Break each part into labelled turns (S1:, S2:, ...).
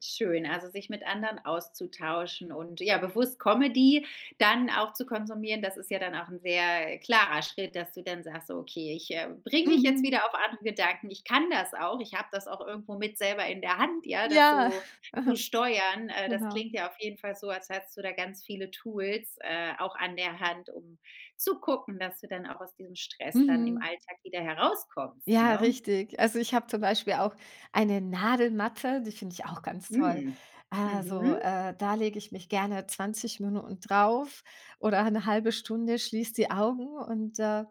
S1: Schön, also, sich mit anderen auszutauschen und, ja, bewusst Comedy dann auch zu konsumieren, das ist ja dann auch sehr klarer Schritt, dass du dann sagst: „So, okay, ich, äh, bringe mich jetzt
S2: Mhm.
S1: wieder auf andere Gedanken. Ich kann das auch. Ich habe das auch irgendwo mit selber in der Hand, ja,
S2: Ja,
S1: das so zu
S2: aha,
S1: steuern.“ Äh, das
S2: genau.
S1: klingt ja auf jeden Fall so, als hättest du da ganz viele Tools, äh, auch an der Hand, um zu gucken, dass du dann auch aus diesem Stress dann im
S2: Mhm.
S1: Alltag wieder herauskommst,
S2: Ja,
S1: ne?
S2: richtig. Also, ich habe zum Beispiel auch eine Nadelmatte, die finde ich auch ganz toll.
S1: Mm,
S2: Also,
S1: mhm.
S2: äh, da lege ich mich gerne 20 Minuten drauf oder 'ne 1/2 Stunde, schließe die Augen und, äh,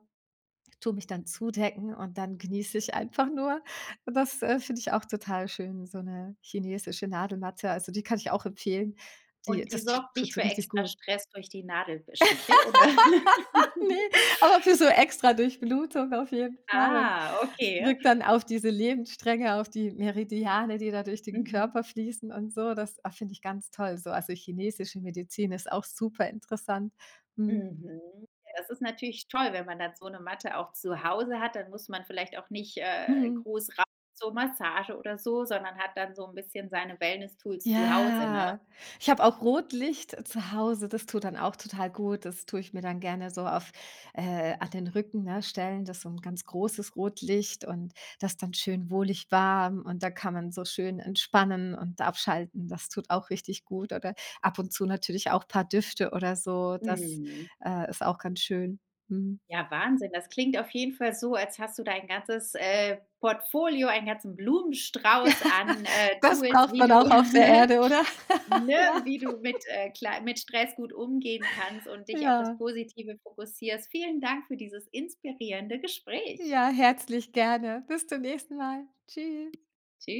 S2: tue mich dann zudecken und dann genieße ich einfach nur. Und das, äh, finde ich auch total schön, so 'ne chinesische Nadelmatte. Also, die kann ich auch empfehlen, die
S1: Und die
S2: das die
S1: sorgt
S2: tut
S1: nicht
S2: so
S1: für
S2: richtig
S1: extra
S2: gut.
S1: Stress durch die Nadel be Stiche, oder?
S2: Ne, aber für so extra Durchblutung auf jeden Fall und
S1: Ah, okay.
S2: wirkt dann auf diese Lebensstränge, auf die Meridiane, die da durch den
S1: Mhm.
S2: Körper fließen und so. Das, ah, finde ich ganz toll so. Also, chinesische Medizin ist auch superinteressant, mhm.
S1: Mhm, ja, das ist natürlich toll, wenn man dann so 'ne Matte auch zu Hause hat. Dann muss man vielleicht auch nicht, äh,
S2: Mhm.
S1: groß rein zur Massage oder so, sondern hat dann so 'n bisschen seine Wellness Tools zu Hause, ne?
S2: Ja, ich habe auch Rotlicht zu Hause, das tut dann auch total gut. Das tue ich mir dann gerne so auf, äh an den Rücken, ne, stellen. Das ist so 'n ganz großes Rotlicht und das dann schön wohlig warm und da kann man so schön entspannen und abschalten, das tut auch richtig gut. Oder ab und zu natürlich auch paar Düfte oder so das,
S1: Mhm.
S2: äh, ist auch ganz schön, mhm.
S1: Ja, Wahnsinn. Das klingt auf jeden Fall so, als hast du dein ganzes, äh, Portfolio, einen ganzen
S2: Ja,
S1: Blumenstrauß an, äh,
S2: das
S1: Tools,
S2: braucht
S1: wie
S2: man
S1: du
S2: auch auf der Erde, oder?
S1: ne,
S2: Ja.
S1: wie du mit, äh, klei mit Stress gut umgehen kannst und dich auf das
S2: Ja.
S1: Positive fokussierst. Vielen Dank für dieses inspirierende Gespräch.
S2: Ja, herzlich gerne, bis zum nächsten Mal. Tschüss.
S1: Tschü